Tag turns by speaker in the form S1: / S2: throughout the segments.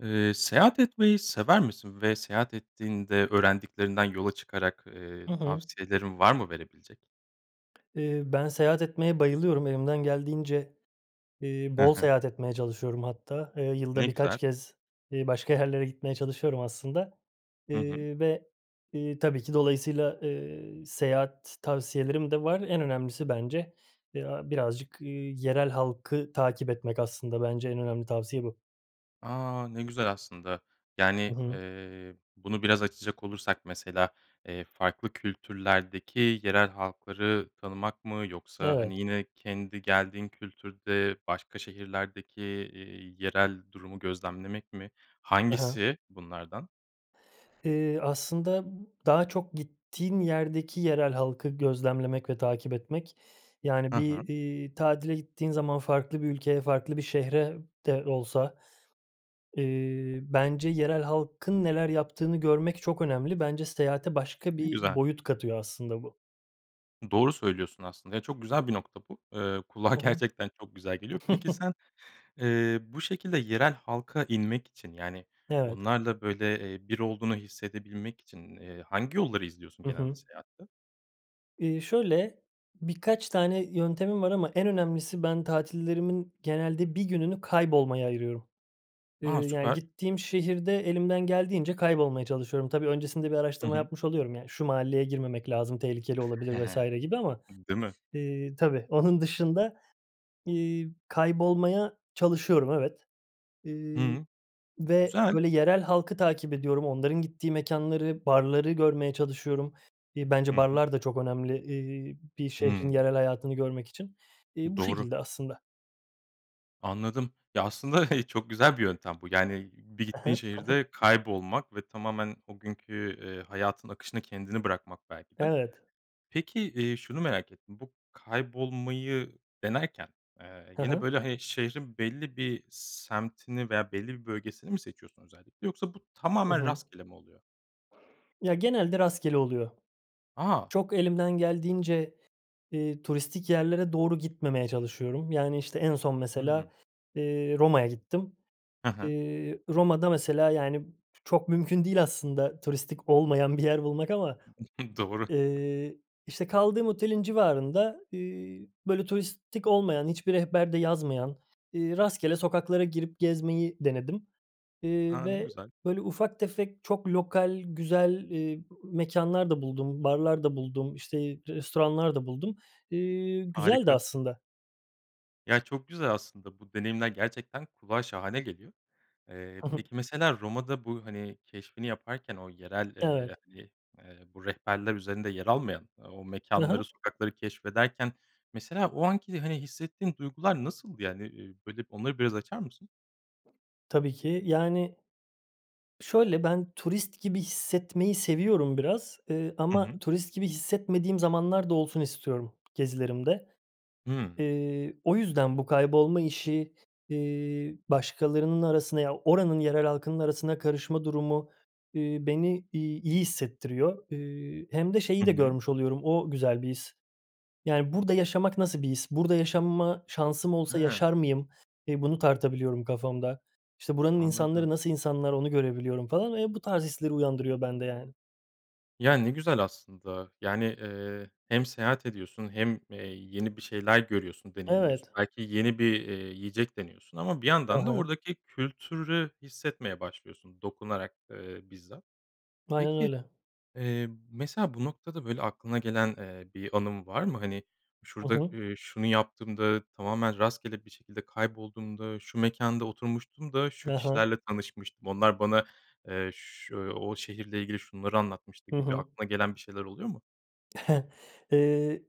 S1: Eee, seyahat etmeyi sever misin ve seyahat ettiğinde öğrendiklerinden yola çıkarak, eee,
S2: Hı hı.
S1: tavsiyelerin var mı verebilecek?
S2: Eee, ben seyahat etmeye bayılıyorum. Elimden geldiğince, eee,
S1: Hı
S2: bol
S1: hı.
S2: seyahat etmeye çalışıyorum hatta. Eee, yılda
S1: Ne
S2: birkaç
S1: güzel.
S2: kez, eee, başka yerlere gitmeye çalışıyorum aslında.
S1: Hı hı.
S2: Eee, ve, iii, tabii ki dolayısıyla, eee, seyahat tavsiyelerim de var. En önemlisi bence, eee, a birazcık, eee, yerel halkı takip etmek aslında. Bence en önemli tavsiye bu.
S1: A, ne güzel aslında.
S2: Hı
S1: Yani,
S2: hı.
S1: eee, bunu biraz açacak olursak mesela, eee, farklı kültürlerdeki yerel halkları tanımak mı? Yoksa,
S2: Evet.
S1: hani, yine kendi geldiğin kültürde başka şehirlerdeki, eee, yerel durumu gözlemlemek mi?
S2: Ha ha.
S1: Hangisi bunlardan?
S2: Eee, aslında daha çok gittiğim yerdeki yerel halkı gözlemlemek ve takip etmek. Yani
S1: Hı
S2: bir,
S1: hı.
S2: iii, tatile gittiğin zaman farklı bir ülkeye, farklı bir şehire de olsa, eee, bence yerel halkın neler yaptığını görmek çok önemli. Bence seyahate başka
S1: Ne
S2: bir
S1: güzel.
S2: boyut katıyor aslında bu.
S1: Doğru söylüyorsun aslında ya, çok güzel bir nokta bu, eee, kulağa
S2: Hı hı.
S1: gerçekten çok güzel geliyor. Peki, sen, eee, bu şekilde yerel halka inmek için, yani
S2: Evet.
S1: onlarla böyle, eee, bir olduğunu hissedebilmek için, ııı, hangi yolları izliyorsun
S2: Hı
S1: genelde
S2: hı.
S1: seyahatte?
S2: Iıı, şöyle: Birkaç tane yöntemim var ama en önemlisi, ben tatillerimin genelde 1 gününü kaybolmaya ayırıyorum. Eee,
S1: A!
S2: yani,
S1: Süper.
S2: gittiğim şehirde elimden geldiğince kaybolmaya çalışıyorum. Tabii, öncesinde bir
S1: Hı
S2: araştırma
S1: hı.
S2: yapmış oluyorum, yani, "Şu mahalleye girmemek lazım, tehlikeli olabilir." vs. gibi ama,
S1: Değil mi?
S2: ııı, tabii. Onun dışında, iii, kaybolmaya çalışıyorum, evet. Iıı,
S1: Hı.
S2: ve,
S1: Güzel.
S2: böyle, yerel halkı takip ediyorum, onların gittiği mekânları, barları görmeye çalışıyorum. İii, bence
S1: Hı hı.
S2: barlar da çok önemli, ııı, bir şehrin
S1: Hımm.
S2: yerel hayatını görmek için. İii, bu
S1: Doğru.
S2: şekilde aslında.
S1: Anladım. Ya, aslında çok güzel bir yöntem bu. Yani bir
S2: Hı
S1: gittiğin
S2: hı.
S1: şehirde kaybolmak ve tamamen o günkü, eee, hayatın akışına kendini bırakmak, belki de.
S2: Evet.
S1: Peki, iii, şunu merak ettim, bu kaybolmayı denerken, eee,
S2: Hı
S1: yine,
S2: hı.
S1: böyle, he şehrin belli bir semtini veya belli bir bölgesini mi seçiyorsun özellikle? Yoksa bu
S2: Hı
S1: tamamen
S2: hı.
S1: rastgele mi oluyor?
S2: Ya, genelde rastgele oluyor.
S1: A!
S2: Çok elimden geldiğince, ııı, turistik yerlere doğru gitmemeye çalışıyorum. Yani, işte, en son,
S1: Hı hı.
S2: mesela, ııı, Roma'ya gittim.
S1: Hı hı.
S2: Iıı, Roma'da, mesela, yani, çok mümkün değil aslında turistik olmayan bir yer bulmak ama,
S1: Doğru.
S2: ııı, işte, kaldığım otelin civarında, ııı, böyle, turistik olmayan, hiçbir rehberde yazmayan, ııı, rastgele sokaklara girip gezmeyi denedim. Eee,
S1: A! Ne
S2: ve,
S1: güzel.
S2: böyle, ufak tefek, çok lokal, güzel, ııı, mekânlar da buldum, barlar da buldum, işte, restoranlar da buldum. İii, güzeldi
S1: Harika.
S2: aslında.
S1: Ya, çok güzel aslında bu deneyimler gerçekten kulağa şahane geliyor. Eee,
S2: Hı hı.
S1: peki mesela Roma'da bu, hani, keşfini yaparken o yerel,
S2: Evet.
S1: eee, hani, eee, bu rehberler üzerinde yer almayan o
S2: Hı hı.
S1: mekânları, sokakları keşfederken mesela o anki, hani, hissettiğin duygular nasıldı? Yani, eee, böyle, onları biraz açar mısın?
S2: Tabii ki. Yani, şöyle, ben turist gibi hissetmeyi seviyorum biraz, eee,
S1: Hı hı.
S2: ama turist gibi hissetmediğim zamanlar da olsun istiyorum gezilerimde.
S1: Hı.
S2: Eee, o yüzden bu kaybolma işi, eee, başkalarının arasına ya, oranın yerel halkının arasına karışma durumu, eee, beni, iii, iyi hissettiriyor. Eee, hem de şeyi
S1: Hı
S2: de
S1: hı.
S2: görmüş oluyorum, o güzel bir his. Yani, burada yaşamak nasıl bir his? Burada yaşama şansım olsa
S1: Hıı.
S2: yaşar mıyım? Eee, bunu tartabiliyorum kafamda. İşte, buranın insanları,
S1: Anladım.
S2: nasıl insanlar onu görebiliyorum falan ve bu tarz hisleri uyandırıyor bende, yani.
S1: Ya, ne güzel aslında, yani, eee, hem seyahat ediyorsun hem, eee, yeni bir şeyler görüyorsun, deneyimliyorsun.
S2: Evet.
S1: Belki yeni bir, eee, yiyecek deniyorsun ama bir
S2: Hı
S1: yandan da
S2: hı.
S1: oradaki kültürü hissetmeye başlıyorsun. Dokunarak, eee, bizzat.
S2: Aynen
S1: Peki,
S2: öyle.
S1: eee, mesela bu noktada, böyle, aklına gelen, eee, bir anın var mı? Hani,
S2: Hı
S1: "şurada,
S2: hı.
S1: iii, şunu yaptığımda, tamamen rastgele bir şekilde kaybolduğumda, şu mekânda oturmuştum da şu
S2: Hı hı.
S1: kişilerle tanışmıştım, onlar bana, eee, ş o şehirle ilgili şunları anlatmıştı"
S2: Hı
S1: gibi
S2: hı.
S1: aklına gelen bir şeyler oluyor mu?
S2: Eee,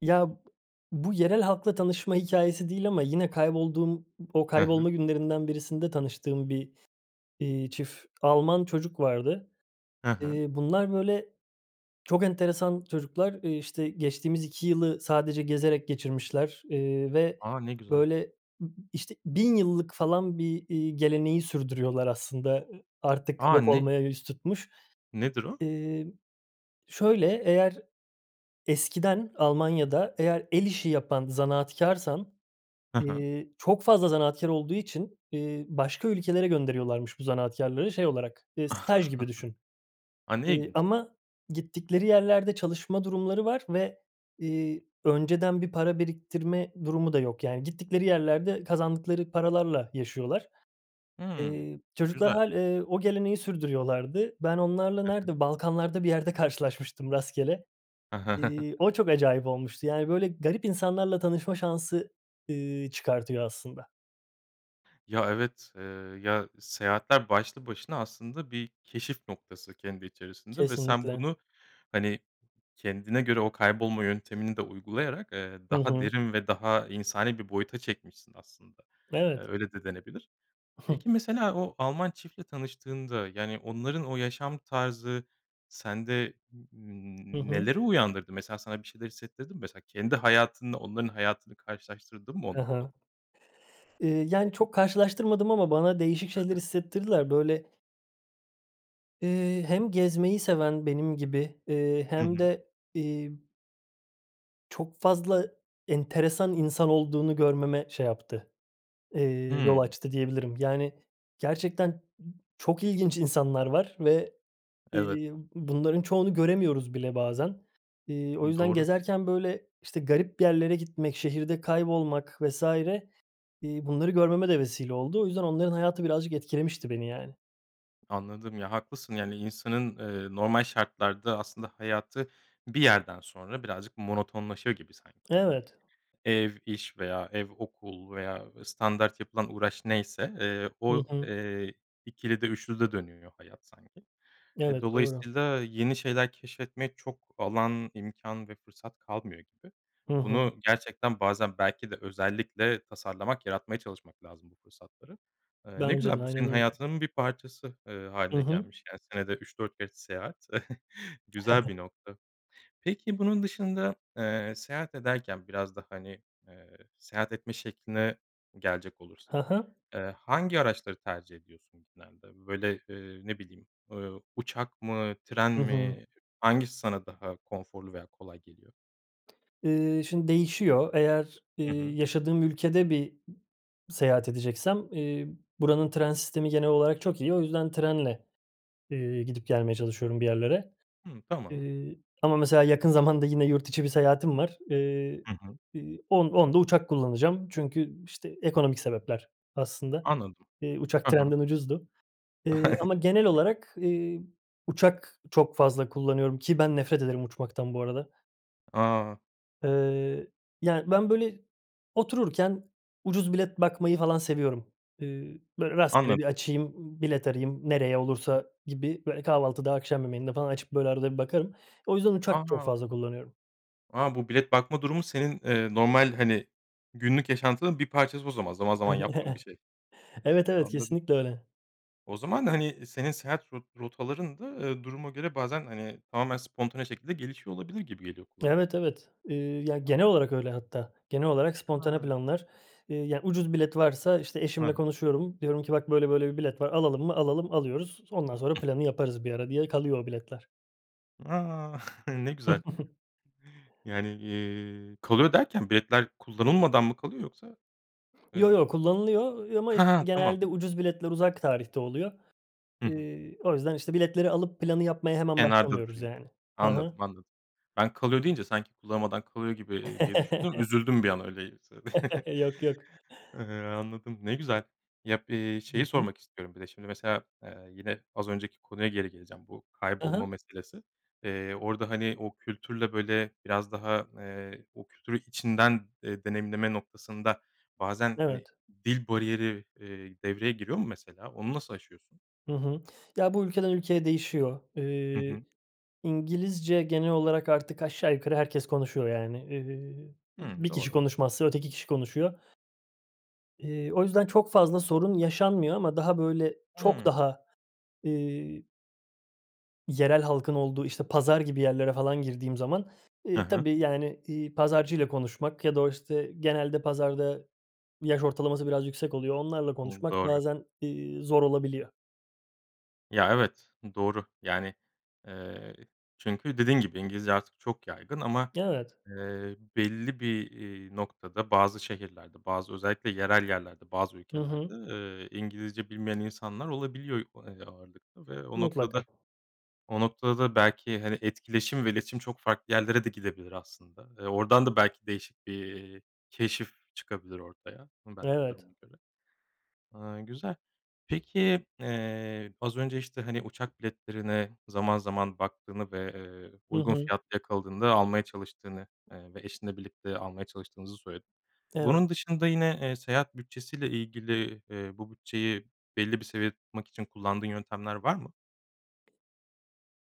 S2: ya, b bu yerel halkla tanışma hikâyesi değil ama yine kaybolduğum, o
S1: Hı hı.
S2: kaybolma günlerinden birisinde tanıştığım bir, iii, çift Alman çocuk vardı.
S1: He he.
S2: Eee, bunlar, böyle, çok enteresan çocuklar, eee, işte, geçtiğimiz 2 yılı sadece gezerek geçirmişler, eee, ve,
S1: A! Ne güzel.
S2: böyle, ı ı işte, 1.000 yıllık falan bir, iii, geleneği sürdürüyorlar aslında. I artık
S1: A!
S2: yok
S1: Ne?
S2: olmaya yüz tutmuş.
S1: Nedir o?
S2: İii, şöyle, eğer, eskiden Almanya'da eğer el işi yapan zanaatkârsan,
S1: Hı hı.
S2: eee, çok fazla zanaatkâr olduğu için, eee, başka ülkelere gönderiyorlarmış bu zanaatkârları şey olarak, eee, staj gibi düşün,
S1: A! Ne
S2: eee,
S1: ilginç.
S2: ama gittikleri yerlerde çalışma durumları var. Ve, iii, önceden bir para biriktirme durumu da yok, yani, gittikleri yerlerde kazandıkları paralarla yaşıyorlar.
S1: Hıı.
S2: Eee, çocuklar
S1: Güzel.
S2: hâl eee, o geleneği sürdürüyorlardı. Ben onlarla
S1: Hı hı.
S2: nerede, balkanlarda bir yerde karşılaşmıştım rastgele. İii, o çok acayip olmuştu, yani, böyle, garip insanlarla tanışma şansı, ııı, çıkartıyor aslında.
S1: Ya, evet. Eee, ya, seyahatler başlı başına aslında bir keşif noktası kendi içerisinde ve sen
S2: Kesinlikle.
S1: bunu, hani, kendine göre o kaybolma yöntemini de uygulayarak, eee,
S2: Hı
S1: daha
S2: hı.
S1: derin ve daha insani bir boyuta çekmişsin aslında. Eee,
S2: Evet.
S1: öyle de denebilir. Peki, mesela o Alman çiftle tanıştığında, yani, onların o yaşam tarzı sende
S2: Hı
S1: n
S2: hı.
S1: neleri uyandırdı? Mesela sana bir şeyler hissettirdi mi? Mesela kendi hayatınla onların hayatını karşılaştırdın mı o
S2: He he.
S1: noktada?
S2: İii, yani, çok karşılaştırmadım ama bana değişik şeyler hissettirdiler. Böyle eee, hem gezmeyi seven benim gibi, eee,
S1: Hı
S2: hem
S1: hı.
S2: de, iii çok fazla enteresan insan olduğunu görmeme şey yaptı, eee, yol
S1: Hıı.
S2: açtı, diyebilirim. Yani, gerçekten çok ilginç insanlar var ve,
S1: Evet.
S2: iii, bunların çoğunu göremiyoruz bile bazen. İii, o
S1: Hıı,
S2: yüzden
S1: doğru.
S2: gezerken böyle, işte, garip yerlere gitmek, şehirde kaybolmak vs. iii, bunları görmeme de vesile oldu. O yüzden onların hayatı birazcık etkilemişti beni yani.
S1: Anladım. Ya, haklısın, yani, insanın, eee, normal şartlarda aslında hayatı bir yerden sonra birazcık monotonlaşıyor gibi sanki. Yani
S2: Evet.
S1: ev, iş veya ev, okul veya standart yapılan uğraş neyse, eee,
S2: Hı
S1: o,
S2: hı.
S1: eee, ikilide, üçlüde dönüyor hayat sanki. E,
S2: Evet, doğru.
S1: dolayısıyla yeni şeyler keşfetmek çok alan, imkân ve fırsat kalmıyor gibi.
S2: Hı hı.
S1: Bunu gerçekten bazen belki de özellikle tasarlamak, yaratmaya çalışmak lazım bu fırsatları. Eee, ne
S2: Bence de,
S1: güzel, bu senin
S2: aynen öyle.
S1: hayatının bir parçası, eee,
S2: Hı
S1: hâline
S2: hı.
S1: gelmiş. Yani, senede 3-4 kez seyahat güzel bir nokta. Peki, bunun dışında, eee, seyahat ederken biraz da, hani, eee, seyahat etme şekline gelecek olursak,
S2: He he.
S1: eee, hangi araçları tercih ediyorsun genelde? Böyle, ııı, ne bileyim, eee, uçak mı, tren
S2: Hı hı.
S1: mi hangisi sana daha konforlu veya kolay geliyor?
S2: Iıı, şimdi değişiyor. Eğer, ııı,
S1: Hı hı.
S2: yaşadığım ülkede bir seyahat edeceksem, eee, buranın tren sistemi genel olarak çok iyi. O yüzden trenle, ııı, gidip gelmeye çalışıyorum bir yerlere,
S1: Hıı, tamam.
S2: ııı, ama mesela yakın zamanda yine yurt içi bir seyahatim var. Iıı,
S1: Hı hı.
S2: ııı, on onda uçak kullanacağım. Çünkü, işte, ekonomik sebepler aslında.
S1: Anladım.
S2: Iıı, uçak
S1: Hı hı.
S2: trenden ucuzdu. Iıı, ama genel olarak, ııı, uçak çok fazla kullanıyorum ki ben nefret ederim uçmaktan bu arada.
S1: A!
S2: Eee, yani, ben, böyle, otururken ucuz bilet bakmayı falan seviyorum. Eee, böyle, rastgele bir
S1: Anladım.
S2: açayım, bilet arayayım nereye olursa gibi, böyle, kahvaltıda, akşam yemeğinde falan açıp, böyle, arada bir bakarım. O yüzden uçak çok
S1: A!
S2: fazla kullanıyorum.
S1: A, bu bilet bakma durumu senin, eee, normal, hani, günlük yaşantının bir parçası o zaman. Zaman zaman yaptığın bir şey.
S2: Evet,
S1: A
S2: evet.
S1: anladım.
S2: Kesinlikle öyle.
S1: O zaman, hani, senin seyahat rot rotaların da, eee, duruma göre bazen, hani, tamamen spontane şekilde gelişiyor olabilir gibi geliyor kulağa.
S2: Evet, evet. Eee, ya, genel
S1: Anladım.
S2: olarak öyle hatta. Genel olarak spontane
S1: Tamam.
S2: planlar, eee, ya, ucuz bilet varsa, işte,
S1: Heh.
S2: eşimle konuşuyorum diyorum ki: "Bak, böyle böyle bir bilet var, alalım mı? Alalım." alıyoruz. Ondan sonra planı yaparız bir ara diye kalıyor o biletler.
S1: A! Ne güzel. Yani, eee, "kalıyor" derken, biletler kullanılmadan mı kalıyor yoksa?
S2: Yo,
S1: Eee
S2: yo, kullanılıyor. Eee, ama,
S1: Ha,
S2: işte,
S1: ha, tamam.
S2: genelde ucuz biletler uzak tarihte oluyor.
S1: Hı hı.
S2: Eee, o yüzden, işte, biletleri alıp planı yapmaya hemen
S1: Kenarda
S2: başlamıyoruz,
S1: duruyor.
S2: yani. Hı hı.
S1: Anladım, anladım. Ben, "kalıyor" deyince sanki kullanmadan kalıyor gibi, eee, diye düşündüm. Üzüldüm bir an öyleyse
S2: Yok, yok.
S1: Eee, anladım. Ne güzel. Ya, b eee,
S2: Hı
S1: şeyi
S2: hı.
S1: sormak istiyorum bir de şimdi mesela, eee, yine az önceki konuya geri geleceğim, bu
S2: Ha
S1: kaybolma
S2: ha.
S1: meselesi. Eee, orada, hani, o kültürle, böyle, biraz daha, eee o kültürü içinden, eee, deneyimleme noktasında, bazen,
S2: Evet.
S1: hani, dil bariyeri, eee, devreye giriyor mu mesela, onu nasıl aşıyorsun?
S2: Hı hı. Ya, bu ülkeden ülkeye değişiyor.
S1: Hı
S2: Eee,
S1: hı.
S2: İngilizce genel olarak artık aşağı yukarı herkes konuşuyor yani. Eee,
S1: Hımm.
S2: bir kişi
S1: Doğru.
S2: konuşmazsa öteki kişi konuşuyor. Eee, o yüzden çok fazla sorun yaşanmıyor ama daha, böyle, çok
S1: Hımm.
S2: daha, eee yerel halkın olduğu, işte, pazar gibi yerlere falan girdiğim zaman,
S1: Ha
S2: eee,
S1: ha.
S2: tabii, yani, iii, pazarcıyla konuşmak ya da o, işte, genelde pazarda yaş ortalaması biraz yüksek oluyor. Onlarla
S1: Umm.
S2: konuşmak
S1: Doğru.
S2: bazen, iii, zor olabiliyor.
S1: Ya, evet, doğru. Yani, eee, çünkü dediğin gibi, İngilizce artık çok yaygın ama,
S2: Evet.
S1: eee, belli bir, eee, noktada, bazı şehirlerde, bazı özellikle yerel yerlerde, bazı
S2: Hı
S1: ülkelerde,
S2: hı.
S1: eee, İngilizce bilmeyen insanlar olabiliyor, eee, ağırlıkta ve o noktada
S2: Mutlaka.
S1: o noktada da belki, hani, etkileşim ve iletişim çok farklı yerlere de gidebilir aslında. Eee, oradan da belki değişik bir keşif çıkabilir ortaya. Hımm, belki
S2: Evet.
S1: duruma göre. Aaa, güzel. Peki, eee, az önce, işte, hani, uçak biletlerine zaman zaman baktığını ve, eee,
S2: Hı
S1: uygun
S2: hı.
S1: fiyatlı yakaladığında almaya çalıştığını, eee, ve eşinle birlikte almaya çalıştığınızı söyledin.
S2: Evet.
S1: Bunun dışında yine, eee, seyahat bütçesiyle ilgili, eee, bu bütçeyi belli bir seviyede tutmak için kullandığın yöntemler var mı?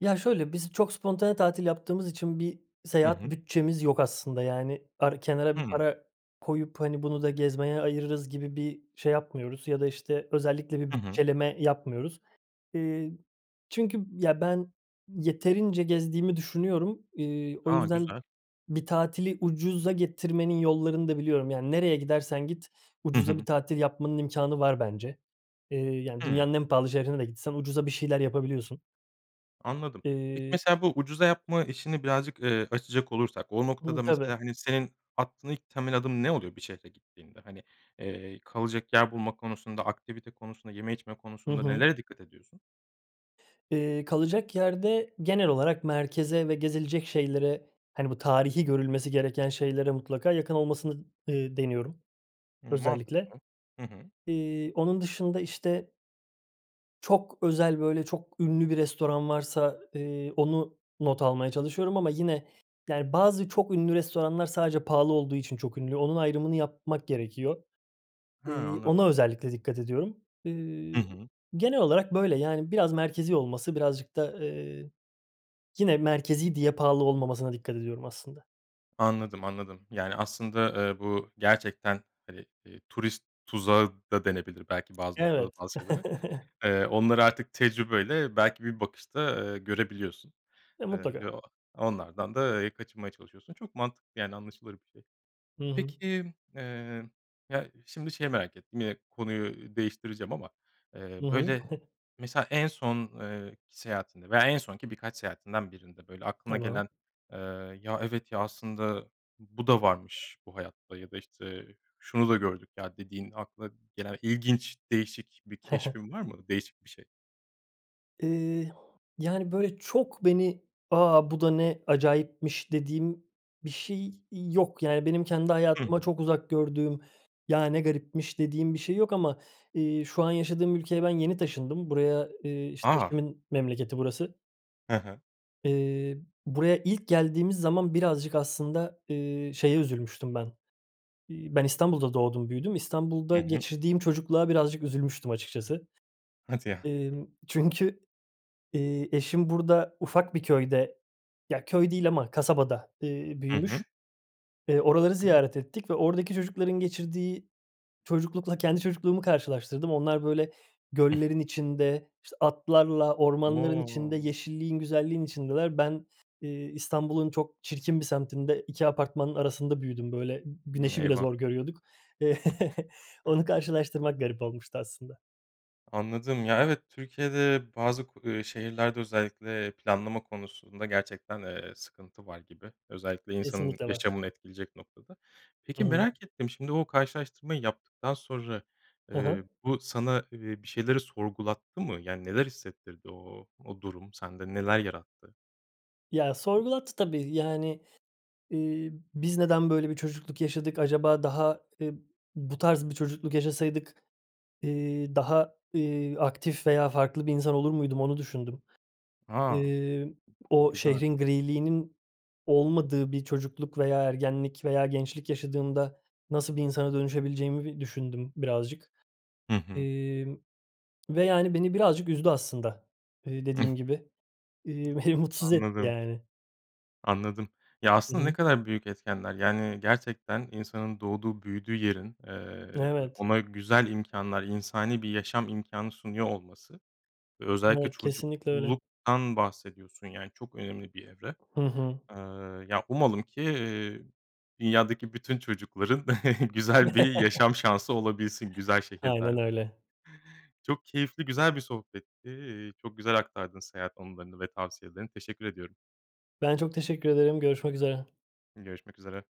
S2: Ya şöyle, biz çok spontane tatil yaptığımız için bir
S1: Hı
S2: seyahat
S1: hı.
S2: bütçemiz yok aslında. Yani par kenara bir
S1: Hımm.
S2: para koyup, hani, "Bunu da gezmeye ayırırız." gibi bir şey yapmıyoruz ya da, işte, özellikle bir
S1: Hı hı.
S2: bütçeleme yapmıyoruz. Eee, çünkü ya, ben yeterince gezdiğimi düşünüyorum, iii, o
S1: A.
S2: yüzden
S1: Güzel.
S2: bir tatili ucuza getirmenin yollarını da biliyorum. Yani nereye gidersen git,
S1: Hı
S2: ucuza bir
S1: hı.
S2: tatil yapmanın imkânı var bence. Eee, yani
S1: Hımm.
S2: dünyanın en pahalı şehrine de gitsen ucuza bir şeyler yapabiliyorsun.
S1: Anladım, peki,
S2: Eee
S1: mesela, bu ucuza yapma işini birazcık, eee, açacak olursak o
S2: Hımm.
S1: noktada
S2: Tabii.
S1: mesela, hani, senin aklına ilk temel adım ne oluyor bir şehre gittiğinde? Hani, eee, kalacak yer bulma konusunda, aktivite konusunda, yeme içme
S2: Hı
S1: konusunda
S2: hı.
S1: nelere dikkat ediyorsun?
S2: Eee, kalacak yerde genel olarak merkeze ve gezilecek şeylere, hani, bu tarihî görülmesi gereken şeylere mutlaka yakın olmasını, eee, deniyorum, özellikle.
S1: Mantıklı. Hı hı.
S2: Eee, onun dışında, işte çok özel, böyle, çok ünlü bir restoran varsa, eee, onu not almaya çalışıyorum ama yine, yani, bazı çok ünlü restoranlar sadece pahalı olduğu için çok ünlü, onun ayrımını yapmak gerekiyor.
S1: Hıı.
S2: Eee,
S1: Anladım.
S2: ona özellikle dikkat ediyorum.
S1: Hı
S2: Iıı,
S1: hı.
S2: genel olarak böyle, yani, biraz merkezî olması, birazcık da, eee, yine merkezî diye pahalı olmamasına dikkat ediyorum aslında.
S1: Anladım, anladım. Yani, aslında, eee, bu gerçekten, hani, eee, "turist tuzağı" da denebilir belki bazı noktada
S2: Evet.
S1: bazı şeylere. Eee, onları artık tecrübeyle, belki, bir bakışta, eee, görebiliyorsun,
S2: E,
S1: eee, ve
S2: mutlaka.
S1: o onlardan da, eee, kaçınmaya çalışıyorsun. Çok mantıklı, yani, anlaşılır bir şey.
S2: Hı hı.
S1: Peki, eee, ya, şimdi şeyi merak ettim; yine konuyu değiştireceğim ama, eee,
S2: Hı hı.
S1: böyle, mesela, en son eee, ki seyahatinde veya en son ki birkaç seyahatinden birinde, böyle, aklına
S2: Tamam.
S1: gelen, eee, “Ya, evet ya, aslında, bu da varmış bu hayatta." ya da işte, "Şunu da gördük ya.” dediğin, aklına gelen ilginç, değişik bir keşfin var mı, değişik bir şey?
S2: Eee, yani, böyle, çok beni, "A! Bu da ne acayipmiş!" dediğim bir şey yok. Yani, benim kendi
S1: Hı
S2: hayatıma
S1: hı.
S2: çok uzak gördüğüm, "Ya, ne garipmiş!" dediğim bir şey yok ama, eee, şu an yaşadığım ülkeye ben yeni taşındım. Buraya, eee, işte,
S1: A!
S2: eşimin memleketi burası.
S1: He he.
S2: Eee, buraya ilk geldiğimiz zaman birazcık aslında, eee, şeye üzülmüştüm ben: İi, ben İstanbul'da doğdum, büyüdüm;
S1: Hı
S2: İstanbul'da
S1: hı.
S2: geçirdiğim çocukluğa birazcık üzülmüştüm açıkçası.
S1: Hadi ya.
S2: Emm, çünkü, eee, eşim burada ufak bir köyde ya, köy değil ama kasabada, eee,
S1: Hı hı.
S2: büyümüş, eee, oraları ziyaret
S1: [unintelligible]
S2: ettik ve oradaki çocukların geçirdiği çocuklukla kendi çocukluğumu karşılaştırdım. Onlar böyle, göllerin içinde, işte, atlarla, ormanların içinde,
S1: Wow.
S2: yeşilliğin, güzelliğin içindeler. Ben, eee, İstanbul'un çok çirkin bir semtinde, 2 apartmanın arasında büyüdüm. Böyle, güneşi bile
S1: Eyvah!
S2: zor görüyorduk. Onu karşılaştırmak garip olmuştu aslında.
S1: Anladım. Ya, evet, Türkiye'de bazı, ku eee, şehirlerde özellikle planlama konusunda gerçekten, eee, sıkıntı var gibi. Özellikle insanın
S2: Kesinlikle var.
S1: yaşamını etkileyecek noktada.
S2: Hı
S1: Peki,
S2: hı.
S1: merak ettim, şimdi o karşılaştırmayı yaptıktan sonra,
S2: Hı hı.
S1: eee, bu sana, eee, bir şeyleri sorgulattı mı? Yani, neler hissettirdi? O o durum sende neler yarattı?
S2: Ya, sorgulattı tabii. Yani, eee, "Biz neden böyle bir çocukluk yaşadık? Acaba daha, eee, bu tarz bir çocukluk yaşasaydık, eee, daha, eee, aktif veya farklı bir insan olur muydum?", onu düşündüm.
S1: A!
S2: Eee, o
S1: Güzel.
S2: şehrin griliğinin olmadığı bir çocukluk veya ergenlik veya gençlik yaşadığımda nasıl bir insana dönüşebileceğimi bi düşündüm birazcık,
S1: Hı hı.
S2: emm, ve, yani, beni birazcık üzdü aslında. Eee, dediğim gibi, eee, beni mutsuz etti
S1: Anladım.
S2: yani.
S1: Anladım. Ya,
S2: Hı
S1: aslında ne
S2: hı.
S1: kadar büyük etkenler. Yani gerçekten insanın doğduğu, büyüdüğü yerin, eee,
S2: Evet.
S1: ona güzel imkânlar, insani bir yaşam imkânı sunuyor olması, özellikle
S2: Evet, kesinlikle öyle.
S1: çocukluktan bahsediyorsun. Yani, çok önemli bir evre.
S2: Hı hı.
S1: Eee, ya, umalım ki, eee, dünyadaki bütün çocukların güzel bir yaşam şansı olabilsin, güzel
S2: Aynen
S1: şehirlerde.
S2: öyle.
S1: Çok keyifli, güzel bir sohbetti. Eee, çok güzel aktardın seyahat anılarını ve tavsiyelerini. Teşekkür ediyorum.
S2: Ben çok teşekkür ederim, görüşmek üzere.
S1: Görüşmek üzere.